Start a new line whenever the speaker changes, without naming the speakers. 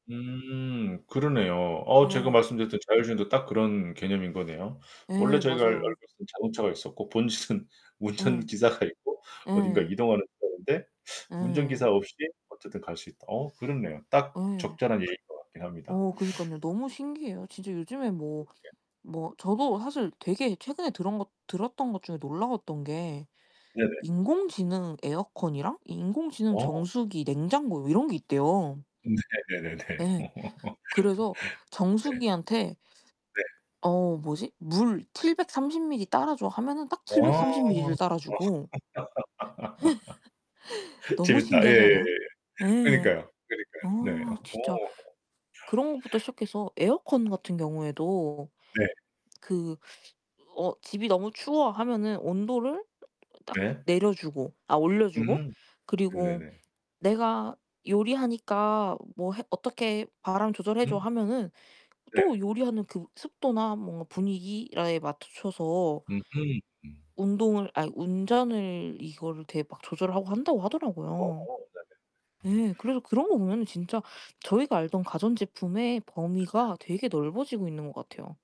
음, 그러네요. 어 제가
예.
말씀드렸던 자율주행도 딱 그런 개념인 거네요. 원래
예,
저희가 알 알고
맞아요.
있었던 자동차가 있었고, 본질은
예.
운전기사가 있고, 어딘가
예.
이동하는 사람인데 운전기사
예예.
없이 어쨌든 갈 수 있다. 어 그렇네요. 딱
예.
적절한 얘기인 것 같긴 합니다.
어 그니깐요. 너무 신기해요. 진짜 요즘에
음
뭐
네.
뭐 저도 사실 되게 최근에 들은 것 들었던 것 중에 놀라웠던 게
네네.
인공지능 에어컨이랑 인공지능
어.
정수기, 냉장고 이런 게 있대요.
네네네네.
예.
네.
그래서 정수기한테
네.
어 뭐지. "물 730mL 따라 줘." 하면은 딱
어.
730mL 를
어.
따라 주고. 너무
재밌다.
신기하지
예예예예.
않아요? 예.
그니까요,
어,
그니까요. 네. 오.
진짜 그런 것부터 시작해서 에어컨 같은 경우에도
네.
그 어 "집이 너무 추워." 하면은 온도를 딱
네.
내려 주고 아 올려 주고
음,
그리고
네네네.
"내가 요리하니까 뭐 해 어떻게 바람 조절해 줘."
응?
하면은
네.
또 요리하는 그 습도나 뭔가 분위기 [unintelligible] 맞춰서
으흠 음.
운동을 아니 운전을 이거를 되게 막 조절하고 한다고 하더라고요.
어어 네네.
예, 그래서 그런 거 보면은 진짜 저희가 알던 가전제품의
그쵸.
범위가 되게 넓어지고 있는 것 같아요.